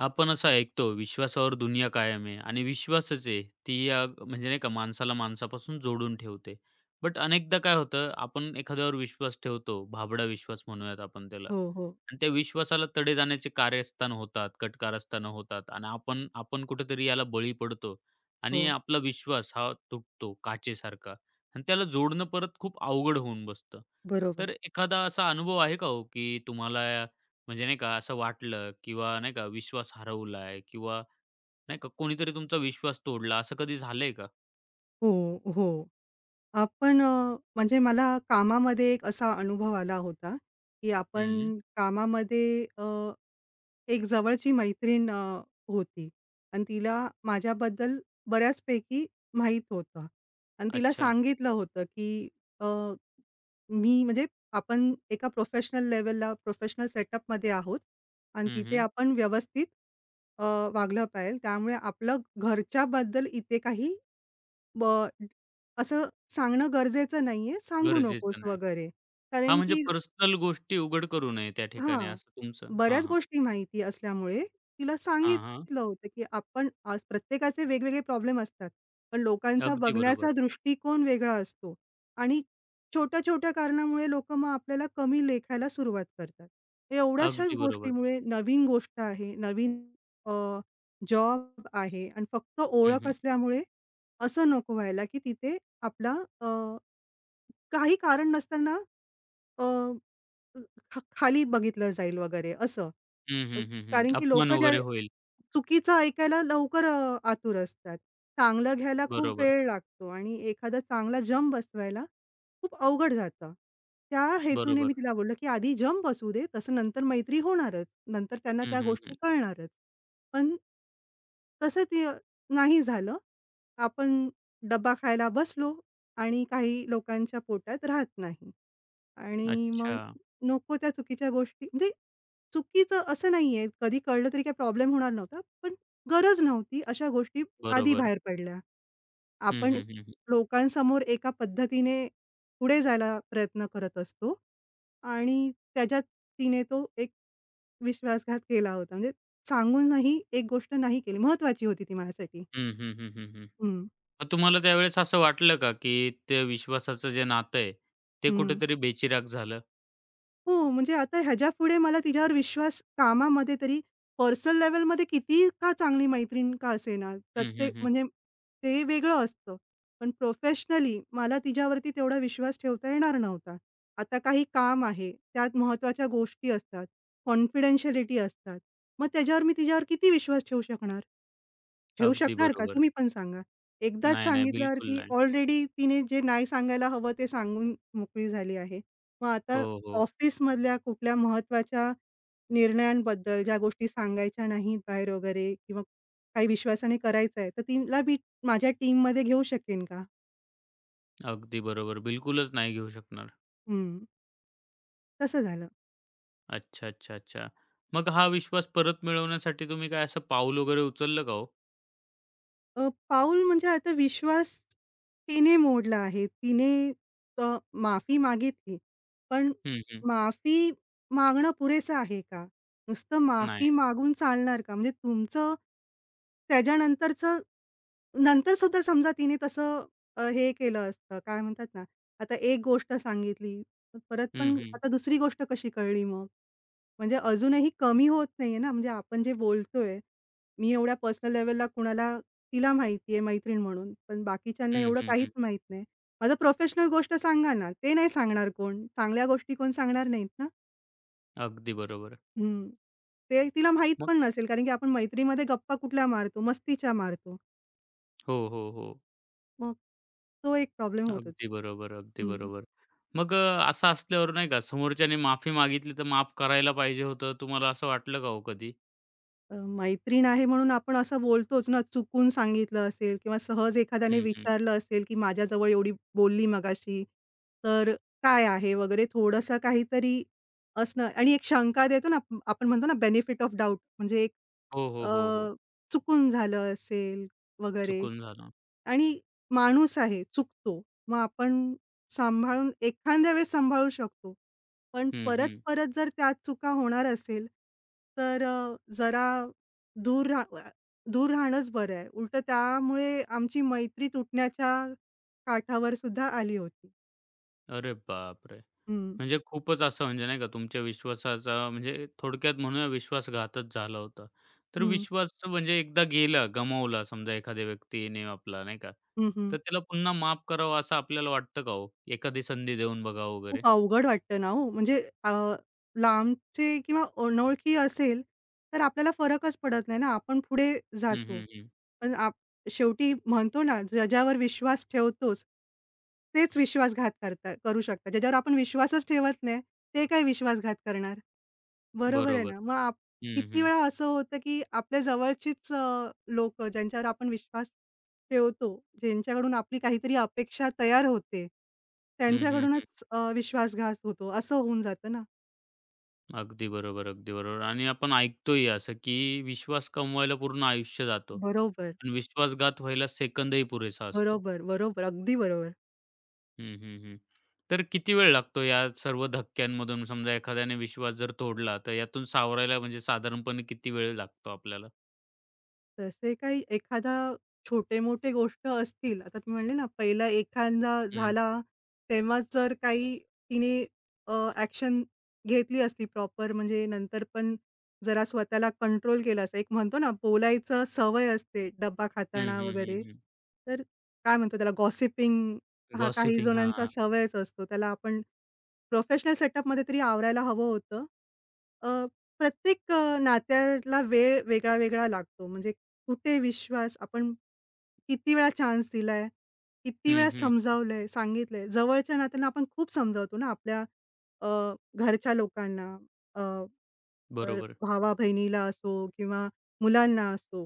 आपण असं ऐकतो विश्वासावर दुनिया कायम आहे आणि विश्वासच आहे, ती या म्हणजे नाही का माणसाला माणसापासून जोडून ठेवते. बट अनेकदा काय होतं आपण एखाद्यावर विश्वास ठेवतो, भाबडा विश्वास म्हणूयात आपण त्याला हो, हो. आणि त्या विश्वासाला तडे जाण्याचे कार्यस्थान होतात, कटकारस्थानं होतात आणि आपण, आपण कुठेतरी याला बळी पडतो आणि हो. आपला विश्वास हा तुटतो, काचेसारखा आणि त्याला जोडणं परत खूप अवघड होऊन बसतं. बरोबर. तर एखादा असा अनुभव आहे का हो, की तुम्हाला या म्हणजे नाही का, असं वाटलं किंवा नाही का, विश्वास हरवलाय किंवा नाही का, कोणीतरी तुमचा विश्वास तोडला असं कधी झालंय का? हो, हो. आपण अ, म्हणजे मला कामामध्ये एक असा अनुभव आला होता, की हं. आपण कामामध्ये अ, एक जवळची मैत्रीण अ, होती आणि तिला माझ्याबद्दल बऱ्याचपैकी माहीत होतं आणि तिला अच्छा. सांगितलं होतं, की अ, मी म्हणजे आपण एका प्रोफेशनल लेवलला, प्रोफेशनल सेटअपमध्ये आहोत आणि हं, तिथे हं. आपण व्यवस्थित अ, वागलं पजिजे. त्यामुळे आपलं घरच्याबद्दल इथे काही ब असं सांगणं गरजेचं नाही आहे, सांगू नकोस गरजेचं नाही. वगैरे, हा कारण म्हणजे की पर्सनल गोष्टी उघड करू नये त्या ठिकाणी, हां. असं तुमचं हां, बऱ्याच हां. गोष्टी माहिती असल्यामुळे, तिला हां, हां. सांगितलं होतं, की आपण आज प्रत्येकाचे वेगवेगळे प्रॉब्लेम असतात. पण लोकांचा अगदी बघण्याचा बरोबर. दृष्टिकोन वेगळा असतो आणि छोट्या-छोट्या कारणामुळे लोकं मग आपल्याला कमी लेखायला सुरुवात करतात. एवढ्याशाच अगदी बरोबर. गोष्टीमुळे, नवीन गोष्ट आहे, नवीन अ, जॉब आहे आणि फक्त हं, ओळख हं. असल्यामुळे, असं नको व्हायला, की तिथे आपला अ, काही कारण नसताना, अ, ख खाली बघितलं जाईल वगैरे असं. हं, अ, हं, हं, हं. कारण की अपमान लोकं ज्या वगैरे होईल. चुकीचं ऐकायला, लवकर अ, आतुर असतात. चांगलं घ्यायला खूप बरोबर. वेळ लागतो आणि एखादा चांगला जम बसवायला खूप अवघड जातं. त्या हेतूने मी बरोबर. तिला बोललं, की आधी जम बसवू देतसं नंतर मैत्री होणारच. नंतर त्यांना हं, त्या हं, हं. गोष्टी कळणारच. पण तसं ते नाही झालं. आपण डब्बा खायला बसलो आणि काही लोकांच्या पोटात राहत नाही आणि मग अच्छा. नको त्या चुकीच्या गोष्टी, म्हणजे चुकीचं असं नाही आहे, कधी कळलं तरी काही प्रॉब्लेम होणार नव्हता पण गरज नव्हती अशा गोष्टी आधी बरोबर. बाहेर पडल्या. हं, आपण हं, हं, हं. लोकांसमोर एका पद्धतीने पुढे जायला प्रयत्न करत असतो आणि त्याच्यात तिने तो एक विश्वासघात केला होता. म्हणजे सांगूनही एक गोष्ट नाही केली. महत्त्वाची होती ती माझ्यासाठी. हं, हं, हं, हं, हं. हं. मग तुम्हाला त्यावेळेस असं वाटलं का, की त्या विश्वासाचं जे नातं आहे, ते हं. कुठेतरी बेचिराग झालं? हो, म्हणजे आता ह्याच्यापुढे मला तिच्यावर विश्वास कामामध्ये तरी पर्सनल-लेव्हलमध्ये किती का चांगली मैत्रीण का असे ना, हं, हं, प्रत्येक हं. म्हणजे ते वेगळं असतं, पण प्रोफेशनली मला तिच्यावरती तेवढा विश्वास ठेवता येणार नव्हता. आता काही काम आहे. त्यात महत्त्वाच्या गोष्टी असतात, कॉन्फिडेन्शियलिटी असतात, मग त्याच्यावर मी तिच्यावर किती विश्वास ठेवू शकणार? ठेवू अगदी शकणार का? बरोबर. तुम्ही पण सांगा. एकदाच नाही, नाही सांगितल्यावर बिलकुल ती नाही. ऑलरेडी तिने जे नाही सांगायला हवं, ते सांगून मोकळी झाली आहे. मग आता हो, हो. ऑफिसमधल्यां कुठल्या महत्त्वाच्या निर्णयांबद्दल ज्या गोष्टी सांगायच्या नाहीत बाहेर वगैरे किंवा काही विश्वासाने करायचं आहे तर तिला मी माझ्या टीममध्ये घेऊ शकेन का? अगदी बरोबर. बिलकुलच नाही घेऊ शकणार. हं. तसं झालं. अच्छा, अच्छा, अच्छा, मग हा विश्वास परत मिळवण्यासाठी तुम्ही काय असं पाऊल वगैरे उचललं का हो? अ, पाऊल म्हणजे आता विश्वास तिने मोडला आहे, तिने अ, माफी मागितली. पण हं, हं. माफी मागणं पुरेसं आहे का? नुसतं माफी नाही. मागून चालणार का? म्हणजे तुमचं, त्याच्यानंतरचं नंतर सुद्धा समजा तिने तसं हे केलं असतं, काय म्हणतात ना, आता एक गोष्ट सांगितली परत हं, पण हं. आता दुसरी गोष्ट कशी कळली मग? म्हणजे अजूनही कमी होत नाहीये ना, म्हणजे आपण जे बोलतोय मी एवढ्या पर्सनल-लेव्हलला कुणाला तिला माहिती आहे मैत्रीण म्हणून. पण बाकीच्यांना हं, एवढं हं, काहीच हं. माहीत नाही. माझं प्रोफेशनल गोष्ट सांगा ना, ते नाही सांगणार कोण, चांगल्या गोष्टी कोण सांगणार नाहीत ना? अगदी बरोबर आहे. हं. ते तिला मग. माहीतपण नसेल कारण की आपण मैत्रीमध्ये गप्पा कुठल्या मारतो, मस्तीच्या मारतो. हो, हो, हो. मग तो एक प्रॉब्लेम होत अगदी होता. बरोबर, अगदी हं, हं. बरोबर. मग अ, असं असल्यावर नाही का समोरच्याने माफी मागितली तर माफ करायला पाहिजे होतं, तुम्हाला असं वाटलं का हो कधी? अ, मैत्रीण आहे म्हणून आपण असं बोलतोच ना चुकून सांगितलं असेल किंवा सहज एखाद्याने हं, हं. विचारलं असेल की माझ्याजवळ एवढी बोलली मगाशी. तर काय आहे वगैरे? थोडंसं काहीतरी असणं आणि एक शंका देतो ना, आपण म्हणतो ना बेनिफिट ऑफ डाऊट म्हणजे एक हो, हो, अ, हो, हो. चुकून झालं असेल वगैरे चुकून झालं. आणि माणूस आहे. चुकतो. मग आपण सांभाळून एखाद्यावेळेस सांभाळू शकतो. पण हं, हं. परत-परत जर त्याच चुका होणार असेल, तर जरा दूर राह अ, दूर राहणंच बरं आहे. उलटं त्यामुळे आमची मैत्री तुटण्याच्या काठावरसुद्धा आली होती. अरे बापरे! हं. म्हणजे खूपच असं म्हणजे, नाही का, तुमच्या विश्वासाचा म्हणजे थोडक्यात म्हणूया विश्वासघातच झाला होता. तर हं. विश्वासचं म्हणजे एकदा गेला, गमावला समजा एखाद्या व्यक्तीने आपला, नाही का, हं, हं. तर त्याला पुन्हा माफ करावं असं आपल्याला वाटतं का हो? एखादी संधी देऊन बघावं वगैरे? खूप अवघड वाटतं ना हो म्हणजे अ, लांबचे किंवा अनोळखी असेल, तर आपल्याला फरकच पडत नाही ना? आपण पुढे हं, जातो. हं, हं. पण आप शेवटी म्हणतो ना ज्याच्यावर विश्वास ठेवतोस, तेच विश्वासघात करतात करू शकतात. ज्याच्यावर आपण विश्वासच ठेवत नाही, ते काय विश्वासघात करणार? बरोबर आहे बरोबर. ना? मग आप हं, किती हं. वेळा असं होतं की आपल्या जवळचीच अ, लोकं ज्यांच्यावर आपण विश्वास ठेवतो, ज्यांच्याकडून आपली काहीतरी अपेक्षा तयार होते, हं, हं, हं. त्यांच्याकडूनच अ, विश्वासघात होतो असं होऊन जातं ना. अगदी बरोबर, अगदी बरोबर आणि आपण ऐकतोय असं, की विश्वास कमवायला पूर्ण आयुष्य जातं बरोबर. आणि विश्वासघात व्हायला सेकंदही पुरेसा असतो. बरोबर, बरोबर, अगदी बरोबर. हं, हं, हं, हं. तर किती वेळ लागतो? या सर्व धक्क्यांमधून समजा एखाद्याने विश्वास जर तोडल? तर यातून सावरायला? म्हणजे साधारणपणे किती वेळ लागतो आपल्याला? तसे काही एखादा, छोटे-मोठे गोष्ट असतील. आता तुम्ही म्हणले ना, पहिला एखादा हं. झाला, तेव्हाच जर काही तिने अ, एक्शन घेतली असती. प्रॉपर म्हणजे, नंतर पण जरा स्वतःला कंट्रोल केलं असतं, एक म्हणतो ना बोलायचं सवय असते. डब्बा हं, खाताना हं, हं, वगैरे, हं. तर काय म्हणतो त्याला? गॉसिपिंग हा काही गॉसिपिंग. हां, जणांचा हां. सवयच असतो. त्याला आपण प्रोफेशनल सेटअपमध्ये तरी आवरायला हवं होतं. अ, प्रत्येक नात्याला वेळ वेगळा वेगळा लागतो. म्हणजे कुठे विश्वास, आपण किती वेळा चान्स दिलाय, किती हं, वेळा हं. समजावलंय, सांगितलंय, जवळच्या नात्यांना आपण खूप समजावतो ना आपल्या अ, घरच्या लोकांना, अ, अ, बरोबर. भावा-बहिणीला असो किंवा मुलांना असो.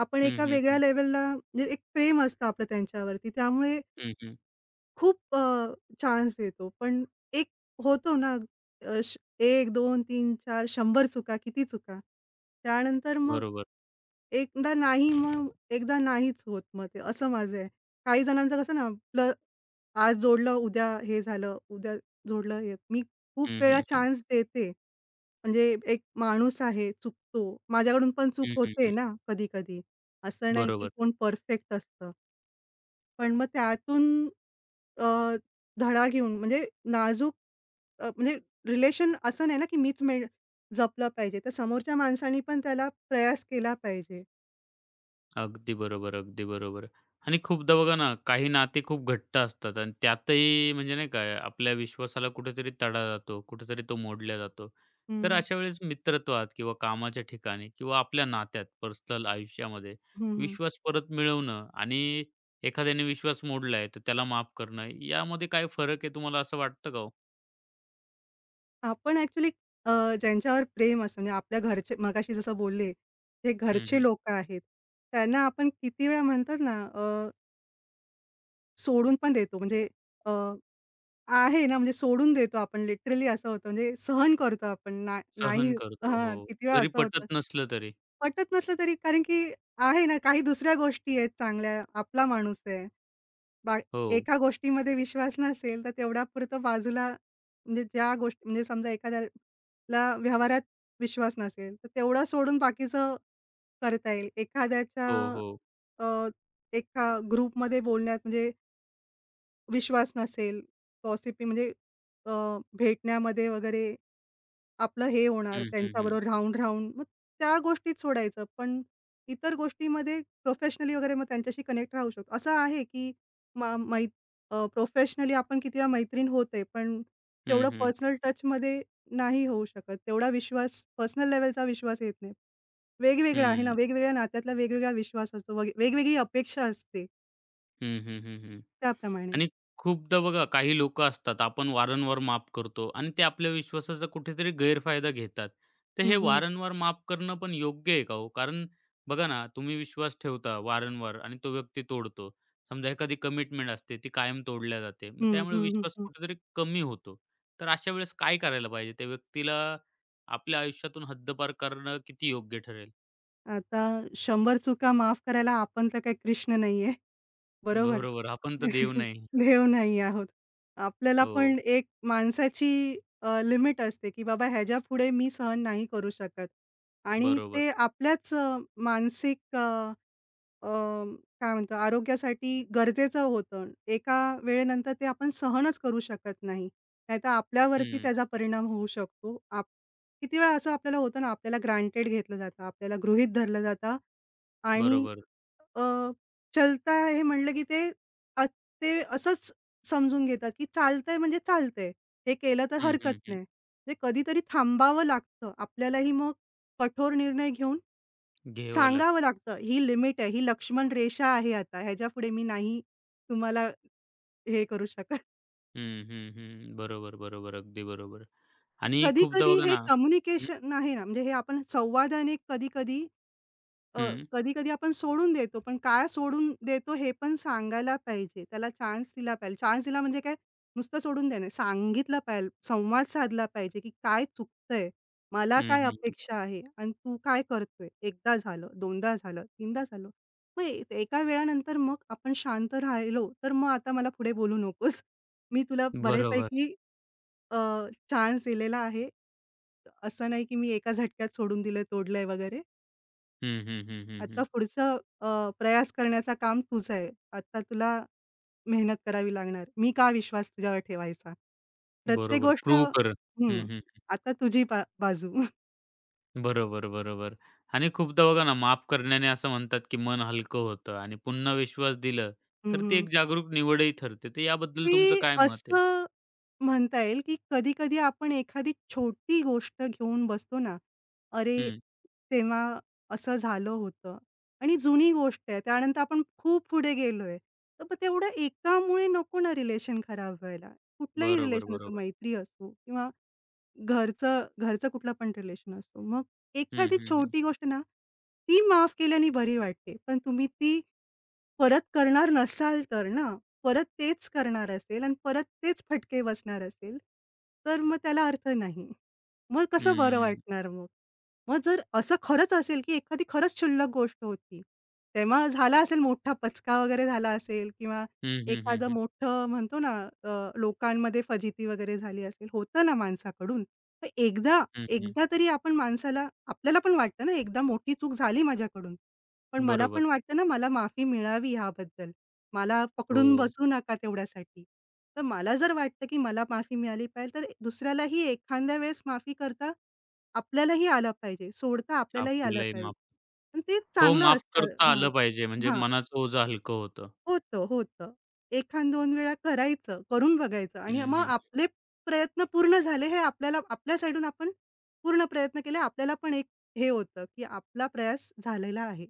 आपण हं, एका हं, वेगळ्या हं. लेवलला एक प्रेम असतं आपलं त्यांच्यावरती, त्यामुळे हं, हं. खूप अ, चान्स देतो. पण एक होतो ना अ, 1-2-3-4-100 चुका. किती चुका? त्यानंतर मग बरोबर. एकदा नाही मग एकदा नाहीच होत. मग ते, असं माझं आहे. काही जणांचं कसं ना, आपलं आज जोडलं, उद्या हे झालं, उद्या जोडलं हे मी खूप हं, वेळा हं, हं. चान्स देते. म्हणजे एक माणूस आहे. चुकतो माझ्याकडून पण चूक हं, हं, होते हं. ना, कधी-कधी. असं नाही की बरोबर. कोण परफेक्ट असतं? पण मग त्यातून अ, धडा घेऊन म्हणजे नाजूक अ, म्हणजे रिलेशन असं नाही ना की मीच मेन जपलं पाहिजे. तर समोरच्या माणसांनी पण त्याला प्रयास केला पाहिजे. अगदी बरोबर अगदी बरोबर आणि खूपदा बघा ना, काही नाते खूप घट्ट असतात आणि त्यातही म्हणजे नाही का, आपल्या विश्वासाला कुठेतरी तडा जातो, कुठेतरी तो मोडला जातो तर हं. अशा वेळेस मित्रत्वात किंवा कामाच्या ठिकाणी किंवा आपल्या नात्यात पर्सनल आयुष्यामध्ये हं, हं. विश्वास परत मिळवणं आणि एखाद्याने विश्वास मोडला आहे, तर त्याला माफ करणं यामध्ये काय फरक आहे, तुम्हाला असं वाटतं का हो? आपण ॲक्चुअली अ, ज्यांच्यावर प्रेम असतं म्हणजे आपल्या घरचे मगाशी जसं बोलले, हे हं, घरचे हं. लोकं आहेत, त्यांना आपण किती वेळा म्हणतात ना अ सोडून पण देतो म्हणजे अ, आहे ना, म्हणजे सोडून देतो आपण लिटरली असं होतं म्हणजे सहन करतो आपण, ना नाही सहन करतो हां, हो. किती वेळा जरी असं पटत होतं. नसलं तरी. पटत नसलं तरी कारण की आहे ना काही दुसऱ्या गोष्टी आहेत चांगल्या, आपला माणूस आहे. बा हो. एका गोष्टीमध्ये विश्वास नसेल, तर तेवढ्यापुरतं बाजूला म्हणजे ज्या गोष्टी म्हणजे समजा, एखाद्याला व्यवहारात विश्वास नसेल, तर तेवढं सोडून बाकीचं करता येईल. एखाद्याच्या हो, हो. अ, एका ग्रुपमध्ये बोलण्यात म्हणजे विश्वास नसेल. पॉसिब्ली म्हणजे? अ, भेटण्यामध्ये वगैरे आपलं हे होणार हं, हं, हं. त्यांच्याबरोबर राहून-राहून, मग त्या गोष्टीत सोडायचं. पण इतर गोष्टीमध्ये प्रोफेशनली वगैरे मग त्यांच्याशी कनेक्ट राहू शकतो. असं आहे की, मा मै अ, प्रोफेशनली आपण किती वेळा मैत्रीण होते. पण हं, तेवढं हं. पर्सनल टचमध्ये नाही होऊ शकत, तेवढा विश्वास पर्सनल लेवलचा विश्वास येत नाही. वेगवेगळा आहे ना, हं. वेगवेगळ्या नात्यातला वेगवेगळा विश्वास असतो वगे वेगवेगळी अपेक्षा असते. हं, हं, हं, हं. त्याप्रमाणे. आणि खूपदा बघा काही लोकं असतात. आपण वारंवार माफ करतो आणि ते आपल्या विश्वासाचा कुठेतरी गैरफायदा घेतात. तर हे हं, हं. वारंवार माफ करणं पण योग्य आहे का हो? कारण बघा ना तुम्ही विश्वास ठेवता वारंवार आणि तो व्यक्ती तोडतो. समजा एखादी कमिटमेंट असते, ती कायम तोडल्या जाते. मग हं, त्यामुळे हं, हं, विश्वास हं. कुठेतरी कमी होतो. तर अशावेळेस काय करायला पाहिजे? त्या व्यक्तीला आपल्या आयुष्यातून हद्दपार करणं किती योग्य ठरेल? आता शंभर चुका माफ करायला आपण तर काही कृष्ण नाहीये, बरोबर? बरोबर. आपण तर देव नाही. देव नाही आहोत. आपल्याला हो. पण एक माणसाची अ, लिमिट असते की बाबा ह्याच्यापुढे मी सहन नाही करू शकत. आणि बरोबर. ते आपल्याच अ, मानसिक अ, अ, काय म्हणतो आरोग्यासाठी गरजेचं होतं. एका वेळेनंतर ते आपण सहनच करू शकत नाही. नाहीतर आपल्यावरती हं. त्याचा परिणाम होऊ शकतो. आप किती वेळा असं आपल्याला होतं ना आपल्याला ग्रँटेड घेतलं जातं. आपल्याला गृहीत धरलं जातं आणि बरोबर. अ, चलता हे म्हणलं की ते अ, ते असंच समजून घेतात की चालतंय म्हणजे चालतंय. हे केलं तर हं, हरकत हं, हं. नाही. म्हणजे कधीतरी थांबावं लागतं, आपल्यालाही मग कठोर निर्णय घेऊन घ्यावं सांगावं लागतात. लागतं ही लिमिट आहे. ही लक्ष्मणरेषा आहे आता ह्याच्यापुढे मी नाही तुम्हाला हे करू शकत. हं, हं, हं, बरोबर, बरोबर. अगदी बरोबर आणि खूपदा कधी-कधी बघा हे ना हं. कम्युनिकेशन आहे ना, म्हणजे हे आपण संवादाने कधी-कधी, अ, हं. कधी-कधी आपण सोडून देतो पण काय सोडून देतो हे पण सांगायला पाहिजे. त्याला चान्स दिला पाहिजे. चान्स दिला म्हणजे काय नुसतं सोडून देणं नाही. सांगितलं पाहिजे, संवाद साधला पाहिजे की काय चुकतंय. मला हं, काय हं, हं. अपेक्षा आहे आणि तू काय करतोय. 1दा झालं, 2दा झालं, 3दा झालं. मग ए एका वेळानंतर मग आपण शांत राहिलो तर मग आता मला पुढे बोलू नकोस. मी तुला बरोबर. बऱ्यापैकी अ, चान्स दिलेला आहे. असं नाही की मी एका झटक्यात सोडून दिलंय, तोडलंय वगैरे. हं, हं, हं, हं, आता हं. पुढचं अ, प्रयास करण्याचं काम तुझं आहे. आता तुला मेहनत करावी लागणार. मी का विश्वास तुझ्यावर ठेवायचा? प्रत्येक बरोबर गोष्ट प्रूव्ह कर. हं, हं, हं, हं. आता तुझी बा बाजू. बरोबर, बरोबर आणि खूपदा बघा ना माफ करण्याने असं म्हणतात की मन हलकं होतं आणि पुन्हा विश्वास दिलं हं, तर ती हं. एक जागरूक निवडही ठरते. तर याबद्दल तुमचं ते काय मत आहे? असं म्हणता येईल की कधी-कधी आपण एखादी छोटी गोष्ट घेऊन बसतो ना, अरे हं. तेव्हा असं झालं होतं आणि जुनी गोष्ट आहे. त्यानंतर आपण खूप पुढे गेलोय. तर मग तेवढं एकामुळे नको ना रिलेशन खराब व्हायला. कुठलाही रिलेशन असो, बरोबर-बरोबर. मैत्री असो किंवा घरचं, घरचं कुठलं पण रिलेशन असो. मग हं, एखादी हं, हं. छोटी गोष्ट ना, ती माफ केल्यानी बरी वाटते पण तुम्ही ती परत करणार नसाल तर ना. परत तेच करणार असेल आणि परत तेच फटके बसणार असेल तर मग त्याला अर्थ नाही. मग कसं बरं हं. वाटणार मग? मग जर असं खरंच असेल की एखादी खरंच शुल्लक गोष्ट होती. तेव्हा झाला असेल मोठा पचका वगैरे झाला असेल किंवा हं, हं, हं, एखादं हं. मोठं म्हणतो ना अ, लोकांमध्ये फजिती वगैरे झाली असेल. होतं ना माणसाकडून. तर एकदा, हं, हं. एकदा तरी आपण माणसाला आपल्याला पण वाटतं ना, एकदा मोठी चूक झाली माझ्याकडून. पण मला बरोबर. पण वाटतं ना, मला माफी मिळावी याबद्दल. मला पकडून हो. बसू नका तेवढ्यासाठी. तर मला जर वाटतं की मला माफी मिळाली पाहिजे तर ए दुसऱ्यालाही एखाद्या वेळेस माफी करता आपल्यालाही आलं पाहिजे. सोडता आपल्यालाही आलं आपल्यालाही पाहिजे माफ आणि ते हो, चांगलं माफ असतं करता हां, आलं पाहिजे. म्हणजे हां. मनाचं ओझं हलकं होतं. होतं, होतं. एखाद दोन वेळा करायचं, करून बघायचं आणि हं, मग हं. आपले प्रयत्न पूर्ण झाले हे आपल्याला आपल्या साईडून आपण पूर्ण प्रयत्न केले. आपल्याला पण एक हे होतं की आपला प्रयास झालेला आहे.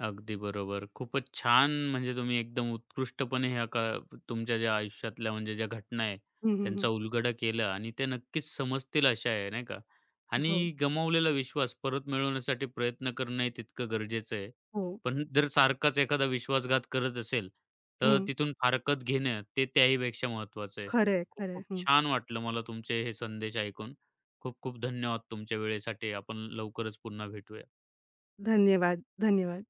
अगदी बरोबर. खूपच छान म्हणजे तुम्ही एकदम उत्कृष्टपणे ह्या का तुमच्या ज्या आयुष्यातल्या म्हणजे ज्या घटना आहे हं, हं, त्यांचा हं. उलगडा केला आणि ते नक्कीच समजतील अशा आहे, नाही का? हो. आणि गमावलेला विश्वास परत मिळवण्यासाठी प्रयत्न करणंही तितकं गरजेचं आहे. हो. पण जर सारखाच एखादा विश्वासघात करत असेल तर हं. तिथून फारकत घेणं, ते त्याहीपेक्षा महत्त्वाचं आहे. खरंय, खरंय. खूप हं. छान वाटलं मला तुमचे हे संदेश ऐकून. खूप-खूप धन्यवाद! तुमच्या वेळेसाठी. आपण लवकरच पुन्हा भेटूया. धन्यवाद, धन्यवाद.